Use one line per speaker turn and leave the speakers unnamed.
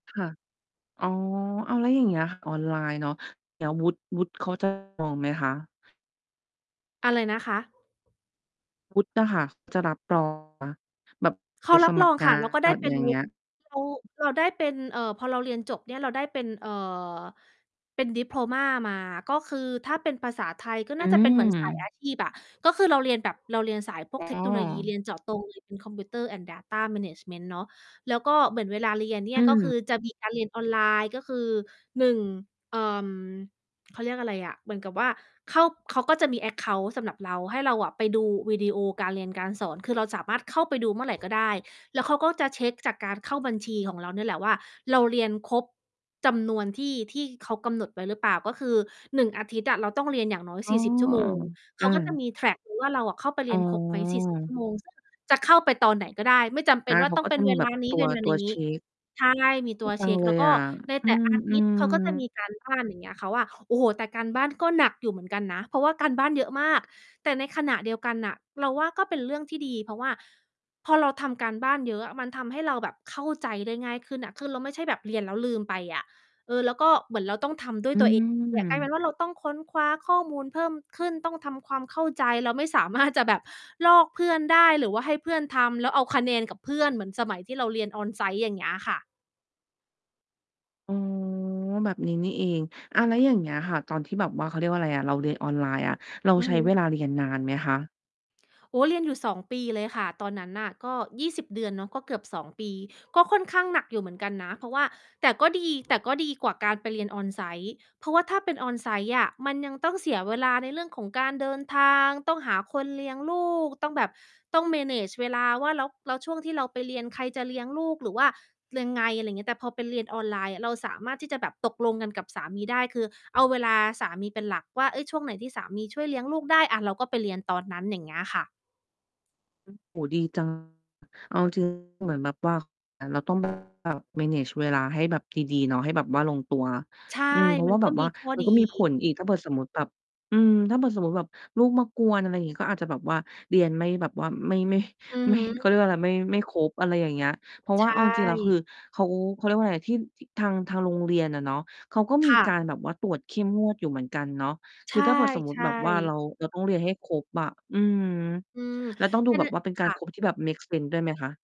ค่ะ อ๋อ อ้าว แล้วอย่างเงี้ย ออนไลน์เนาะ แล้ววุฒิ วุฒิเขา จะ ปลอมไหมคะ?
อะไรนะคะ?
วุฒิอะค่ะ จะรับ รอง แบบ
เข
ไป
ารั
ส
บ
ม
ร
ัค
อง
ร ง
ค่
า
ะ เราก็
น
ได้
แบบ
ไป
อย่
ด
า
ู
งเงี้ย
ที่เขา เราได้เป็น เอ่อ พอเราเรียนจบเนี่ย เราได้เป็น เอ่อ เป็น ดิโพลมา มา ก็คือถ้าเป็นภาษาไทยก็
อื
น่าจะเป็น เหมือน สายอ
ม
าชีพ อะ ก็คือเราเรียนแบบ เราเรียนสายพว
อ
ก
๋
เทคโนโลยี เ
อ
รียนเจาะ ตรงเลย เป็น Computer and data management เนาะ แล้วก็เหมือนเวลาเรียนเนี่
อื
ย ก็ค
ม
ือจะมีการเรียนออนไลน์ ก็คือ 1 เอิ่ม เขาเรียกอะไรอะ เหมือนกับว่าเข้า เขาก็จะมี แอ็กเคานต์ สำหรับเรา ให้เราอะไปดูวิดีโอการเรียนการสอน คือเราสามารถเข้าไปดูเมื่อไหร่ก็ได้ แล้วเขาก็จะเช็กจากการเข้าบัญชีของเรานี่แหละว่า เราเรียนครบจำนวนที่ ที่เขากำหนดไว้หรือเปล่า ก็คือ 1 อาทิตย์อะ เราต้องเรียนอย่างน้อย
อ๋
ส
อ
ี่สิบ ชั่วโมง เ
ๆ
ข
อ
า
า
ก็จะมี แทร็ก ดูว่า เราอะเข้าไป
อ
เร
๋
ียนครบไหม 40 ชั
อ
่วโมง จะเข้าไปตอนไหนก็ได้ ไม่จำเป
อ
็
า
นว่
เ
า
ขา
ต้อ
ก็
งเป็
จะ
น
ม
เ
ี
ว
แบ
ล
บ
านี
ต
้
ั
เร
ว
ียนอั
ต
น
ั
อ
ว
ย่างน
เช
ี้
็ก
ใช่ มีต
ด
ั
ี
ว
จ
เ
ั
ช
ง
็ก
เล
แล้
ย
วก
อ
็
ะ
ใน
อื
แต่อาทิตย์เข
ม
าก็จะ
ๆ
มีการบ้าน อย่างเงี้ยค่ะ ว่า โอ้โฮ แต่การบ้านก็หนักอยู่เหมือนกันนะ เพราะว่าการบ้านเยอะมาก แต่ในขณะเดียวกันน่ะ เราว่าก็เป็นเรื่องที่ดี เพราะว่าพอเราทำการบ้านเยอะอะ มันทำให้เราแบบเข้าใจได้ง่ายขึ้นอะ คือเราไม่ใช่แบบเรียน แล้วลืมไปอะ เออ แล้วก็เหมือนเราต้องทำด้วย
อื
ตัว เอง กลายเป็
ม
นว่าเราต้องค้นคว้าข้อมูลเพิ่มขึ้น ต้องทำความเข้าใจ เราไม่ สามารถ จะแบบลอกเพื่อนได้ หรือว่าให้เพื่อนทำแล้วเอาคะแนนกับเพื่อนเหมือนสมัยที่เราเรียน on-site อย่างเงี้ยค่ะ
อ๋อ แบบนี้นี่เอง อา แล้วอย่างเงี้ยค่ะ ตอนที่แบบว่า เขาเรียกว่าอะไรอะ เราเรียนออนไลน์อะ เรา
อื
ใ
อ
ช้
ฮ
เว
ึ
ลาเรียนนานไหมคะ?
โอ้ เรียนอยู่ 2 ปีเลยค่ะ ตอนนั้นน่ะ ก็ 20 เดือนเนาะ ก็เกือบ 2 ปี ก็ค่อนข้างหนักอยู่เหมือนกันนะ เพราะว่า แต่ก็ดี แต่ก็ดีกว่าการไปเรียน on-site เพราะว่าถ้าเป็น on-site อะ มันยังต้องเสียเวลาในเรื่องของการเดินทาง ต้องหาคนเลี้ยงลูก ต้องแบบ ต้อง manage เวลาว่า แล้ว แล้วช่วงที่เราไปเรียน ใครจะเลี้ยงลูก หรือว่ายังไง อะไรอย่างเงี้ย แต่พอไปเรียนออนไลน์อะ เราสามารถที่จะแบบตกลงกันกับสามีได้ คือ เอาเวลาสามีเป็นหลักว่า เฮ้ย ช่วงไหนที่สามีช่วยเลี้ยงลูกได้ อา เราก็ไปเรียนตอนนั้น อย่างเงี้ยค่ะ
อ โอ้โฮ ดี จัง เอา จริง เหมือนแบบว่า อา เราต้อง แบบ ว่า manage เวลาให้แบบดี ๆ เนาะ ให้แบบว่าลงตัว
ใช่
อืม เพราะ
มั
ว่
น
าแ
ก
บ
็
บว
มี
่า
ข้อ
มัน
ดี
ก็มีผลอีก ถ้าเผื่อสมมุติแบบ อืม ถ้าเผื่อสมมติแบบลูกมากวน อะไรอย่างงี้ ก็อาจจะแบบว่าเรียนไม่แบบว่าไม่ ไม่
อือ
ไม
ฮ
่ เข
ึ
าเรียกว่าอะไร ไม่ ไม่ครบ อะไรอย่างเงี้ย เพราะ
ใ
ว่
ช
า
่
เอาจริง ๆ แล้ว คือเขา เขาเรียกว่าอะไร ที่ ที่ทาง ทางโรงเรียนอะเนาะ เขาก็ม
ค
ี
่
ก
ะ
ารแบบว่าตรวจเข้มงวดอยู่เหมือนกันเนาะ
ใ
ค
ช
ือถ้าเผื่อสมมุติแ
่
บบว่าเร
ๆ
า เราต้องเรียนให้ครบอะ อืม
อืม
แล้วต้องดู
ประ
แ
เ
บ
ด็
บ
น
ว่าเป็น
ค
การ
่
คร
ะ
บที่แบบเมกเซนส์ด้วยไหมคะ?